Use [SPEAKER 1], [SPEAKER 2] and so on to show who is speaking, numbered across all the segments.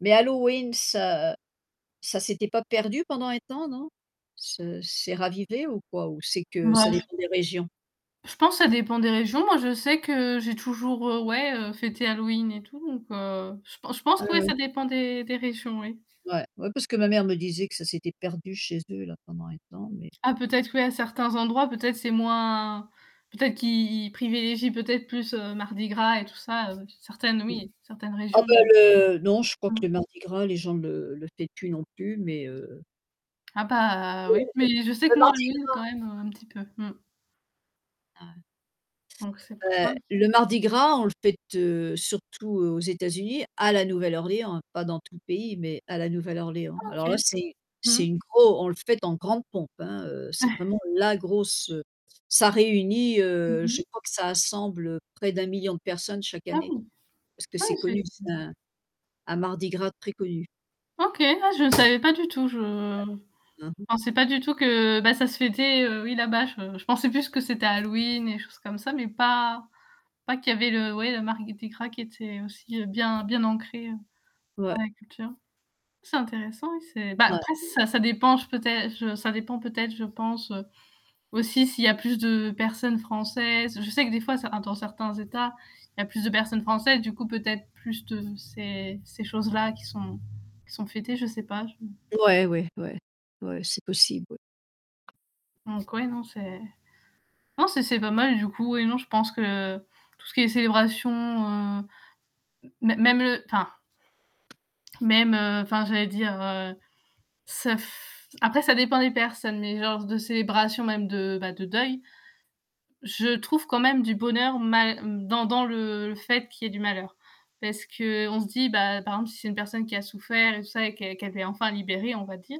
[SPEAKER 1] Mais Halloween, ça ça s'était pas perdu pendant un temps non? C'est c'est ravivé ou quoi ou c'est que ça
[SPEAKER 2] [unintelligible]
[SPEAKER 1] dépend des régions?
[SPEAKER 2] Je pense ça dépend des régions, moi je sais que j'ai toujours, heu, ouais, heu, fêté Halloween et tout donc heu, je pense
[SPEAKER 1] Ah
[SPEAKER 2] que ouais ça
[SPEAKER 1] ouais.
[SPEAKER 2] dépend des des régions oui.
[SPEAKER 1] Ouais, ouais parce que ma mère me disait que ça s'était perdu chez eux là pendant un temps, mais
[SPEAKER 2] Ah peut-être oui à certains endroits peut-être c'est moins peut-être qu'ils privilégient peut-être plus, heu, mardi gras et tout, heu, certaines, heu,
[SPEAKER 1] Oui,
[SPEAKER 2] oui, certaines
[SPEAKER 1] ah
[SPEAKER 2] régions.
[SPEAKER 1] bah le non, je crois
[SPEAKER 2] Mmh.
[SPEAKER 1] que le mardi gras, les gens le le fêtent plus non plus, mais, heu
[SPEAKER 2] Ah bah
[SPEAKER 1] Le
[SPEAKER 2] oui, mais je sais
[SPEAKER 1] le
[SPEAKER 2] que moi
[SPEAKER 1] mardi
[SPEAKER 2] Halloween quand même
[SPEAKER 1] gras.
[SPEAKER 2] un petit peu.
[SPEAKER 1] Ah ouais.
[SPEAKER 2] Donc c'est pour ça.
[SPEAKER 1] Ouais, le mardi gras, on le fête, heu, surtout aux États-Unis, à la Nouvelle-Orléans hein, pas dans tout le pays, mais à la Nouvelle-Orléans.
[SPEAKER 2] Ah
[SPEAKER 1] Alors là,
[SPEAKER 2] OK.
[SPEAKER 1] c'est c'est
[SPEAKER 2] Mmh.
[SPEAKER 1] une gross on le fête en grande pompe, hein, heu, c'est vraiment la grosse, heu, ça réunit
[SPEAKER 2] Mmh
[SPEAKER 1] heu, je
[SPEAKER 2] mh.
[SPEAKER 1] crois que ça assemble, heu, près de 1 000 000 de personnes chaque
[SPEAKER 2] Ah
[SPEAKER 1] année,
[SPEAKER 2] bon.
[SPEAKER 1] parce que
[SPEAKER 2] Ah
[SPEAKER 1] c'est
[SPEAKER 2] oui, c'est
[SPEAKER 1] connu,
[SPEAKER 2] [unintelligible]
[SPEAKER 1] c'est
[SPEAKER 2] ça.
[SPEAKER 1] un un mardi grade très connu.
[SPEAKER 2] OK, ah je ne savais pas du tout, je je
[SPEAKER 1] Mmh mh.
[SPEAKER 2] pensais pas du tout que, bah, ça se fêtait, heu, oui là-bas je, je pensais plus que c'était Halloween, des choses comme ça, mais pas pas qu'il y avait le ouais le Mardi Gras qui était aussi, heu, bien bien ancré
[SPEAKER 1] Ouais.
[SPEAKER 2] dans la culture. C'est intéressant oui, c'est bah
[SPEAKER 1] Ouais
[SPEAKER 2] après
[SPEAKER 1] mmh.
[SPEAKER 2] ça ça dépend je peut-être, je ça dépend peut-être je pense, heu, aussi s'il y a plus de personnes françaises, je sais que des fois, heu, certains dans certains états, il y a plus de personnes françaises, du coup peut-être plus de ces ces choses-là qui sont qui sont fêtées, je sais pas je
[SPEAKER 1] Ouais, oui, ouais, ouais c'est possible oui.
[SPEAKER 2] Donc ouais non, c'est, non c'est c'est pas mal du coup et non je pense que tout ce qui est célébration, heu, mê même le enfin même, heu, enfin j'allais dire, heu, ça f après ça dépend des personnes mais genre de célébration même de, bah, de deuil, je trouve quand même du bonheur mal dans dans le le fait qu'il y ait du malheur parce qu'on se dit, bah, par exemple si c'est une personne qui a souffert et tout ça et qu'elle qu'elle est enfin libérée on va dire,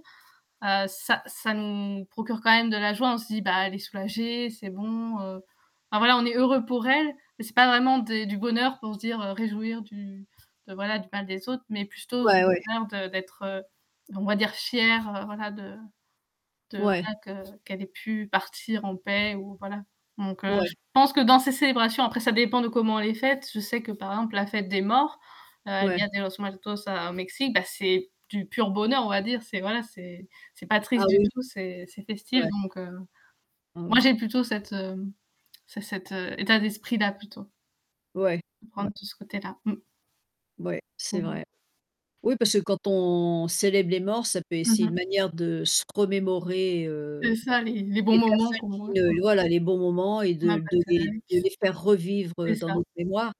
[SPEAKER 2] heu ,ça ça nous procure quand même de la joie, on se dit bah elle est soulagée, c'est bon, heu. Enfin voilà, on est heureux pour elle, mais c'est pas vraiment des du bonheur pour se dire réjouir du de voilà du mal des autres, mais plutôt du
[SPEAKER 1] Ouais, ouais.
[SPEAKER 2] bonheur de d'être, heu, on va dire fière voilà de de
[SPEAKER 1] Ouais.
[SPEAKER 2] voilà que qu'elle ait pu partir en paix ou voilà. Donc, heu, je
[SPEAKER 1] Ouais.
[SPEAKER 2] pense que dans ces célébrations après ça dépend de comment elle est faite, je sais que par exemple la fête des morts: El
[SPEAKER 1] Ouais
[SPEAKER 2] dia de los muertos au Mexique, bah c'est du pur bonheur on va dire, c'est voilà, c'est c'est pas triste
[SPEAKER 1] Ah
[SPEAKER 2] du
[SPEAKER 1] oui.
[SPEAKER 2] tout, c'est c'est festif
[SPEAKER 1] Ouais.
[SPEAKER 2] donc, heu,
[SPEAKER 1] Ah ouais.
[SPEAKER 2] moi j'ai plutôt cette cet état d'esprit-là plutôt,
[SPEAKER 1] Ouais,
[SPEAKER 2] de
[SPEAKER 1] ouais.
[SPEAKER 2] prendre tout ce côté-là. Mmh.
[SPEAKER 1] Ouais c'est
[SPEAKER 2] Mmh mh.
[SPEAKER 1] vrai. Oui, parce que quand on célèbre les morts, ça peut
[SPEAKER 2] Mmh
[SPEAKER 1] c'est une
[SPEAKER 2] mh.
[SPEAKER 1] manière de se remémorer, heu,
[SPEAKER 2] C'est ça les les bons
[SPEAKER 1] les
[SPEAKER 2] moments
[SPEAKER 1] personnes
[SPEAKER 2] qu'on
[SPEAKER 1] qui
[SPEAKER 2] voit quoi.
[SPEAKER 1] ne, voilà, les bons moments et de de les de
[SPEAKER 2] [unintelligible]
[SPEAKER 1] les faire revivre
[SPEAKER 2] C'est
[SPEAKER 1] dans
[SPEAKER 2] ça.
[SPEAKER 1] notre mémoire.